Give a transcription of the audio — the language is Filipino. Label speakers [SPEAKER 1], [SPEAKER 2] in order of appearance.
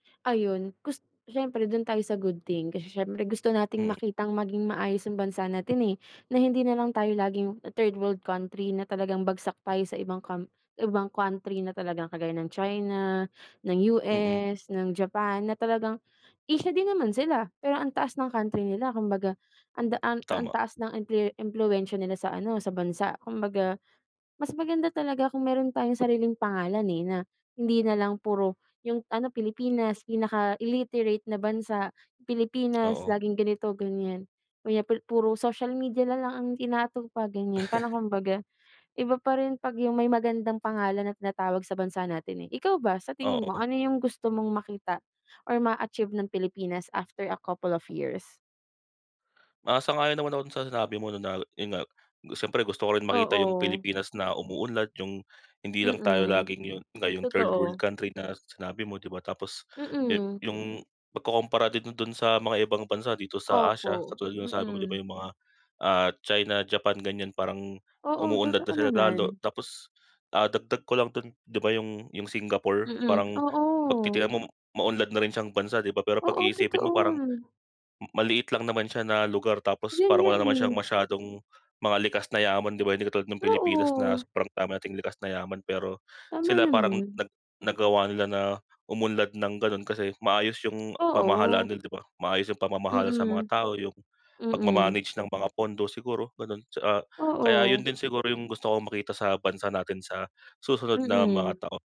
[SPEAKER 1] Ayun gus siyempre do'n tayo sa good thing. Kasi siyempre gusto nating makitang maging maayos ang bansa natin, eh, na hindi nalang tayo laging third world country na talagang bagsak tayo sa ibang cam ibang country na talagang kagaya ng China, ng
[SPEAKER 2] Mm.
[SPEAKER 1] US, ng Japan, na talagang Asia din naman sila, pero ang taas ng country nila. Kumbaga, ang da ah ang
[SPEAKER 2] Tama.
[SPEAKER 1] taas ng impluwe impluwensya nila sa ano, sa bansa. Kumbaga, mas maganda talaga kung meron tayong sariling pangalan, eh, na hindi nalang puro, yung ano, Pilipinas pinaka illiterate na bansa, Pilipinas
[SPEAKER 2] Oo.
[SPEAKER 1] laging ganito-ganyan. Kaya pu puro social media nalang ang inaatupag, ganyan. Parang kumbaga, iba pa rin 'pag yung may magandang pangalan na tinatawag sa bansa natin eh. Ikaw ba sa tingin mo,
[SPEAKER 2] Oo.
[SPEAKER 1] ano yung gusto mong makita or ma-achieve ng Pilipinas after a couple of years?
[SPEAKER 2] Ah, sang-ayon naman ako do'n sa sinabi mo na na yun nga, siyempre gusto ko rin makita yung
[SPEAKER 1] Oo.
[SPEAKER 2] Pilipinas na umuunlad, yung hindi lang tayo
[SPEAKER 1] Mm.
[SPEAKER 2] laging yun yun nga yong third world
[SPEAKER 1] Totoo.
[SPEAKER 2] country na sinabi mo, 'di ba. Tapos yu
[SPEAKER 1] Mm.
[SPEAKER 2] yung pagkukumpara din do'n sa mga ibang bansa dito sa Asia,
[SPEAKER 1] Opo.
[SPEAKER 2] katulad yung sabi mo, 'di ba?
[SPEAKER 1] Mm.
[SPEAKER 2] Yung mga, ah, China, Japan ganyan, parang
[SPEAKER 1] Oo,
[SPEAKER 2] umuunlad na
[SPEAKER 1] totoo
[SPEAKER 2] sila lalo.
[SPEAKER 1] naman.
[SPEAKER 2] Tapos, ah, dagdag ko lang do'n, 'di ba yung yung Singapore
[SPEAKER 1] Mm.
[SPEAKER 2] parang 'pag
[SPEAKER 1] Oo.
[SPEAKER 2] titignan mo maunlad na rin siyang bansa, 'di ba? Pero 'pag
[SPEAKER 1] Oo,
[SPEAKER 2] iisipin mo parang
[SPEAKER 1] totoo.
[SPEAKER 2] maliit lang naman siya na lugar, tapos
[SPEAKER 1] Yun
[SPEAKER 2] parang
[SPEAKER 1] nga,
[SPEAKER 2] wala naman siyang
[SPEAKER 1] eh.
[SPEAKER 2] masyadong mga likas na yaman, 'di ba. Hindi katulad ng Pilipinas na
[SPEAKER 1] Oo.
[SPEAKER 2] sobrang dami nating likas na yaman, pero
[SPEAKER 1] Tama
[SPEAKER 2] sila parang
[SPEAKER 1] naman.
[SPEAKER 2] nag nagawa nila na umunlad ng ganon kasi maayos yung pamahalaan
[SPEAKER 1] Oo.
[SPEAKER 2] nila, 'di ba? Maayos yung pamamahala sa mga
[SPEAKER 1] Mm.
[SPEAKER 2] tao, yung
[SPEAKER 1] Mm.
[SPEAKER 2] pagma-manage ng mga pondo siguro ganun, tsaa kaya yun
[SPEAKER 1] Oo.
[SPEAKER 2] din siguro yung gusto kong makita sa bansa natin sa susunod na mga
[SPEAKER 1] Mm.
[SPEAKER 2] tao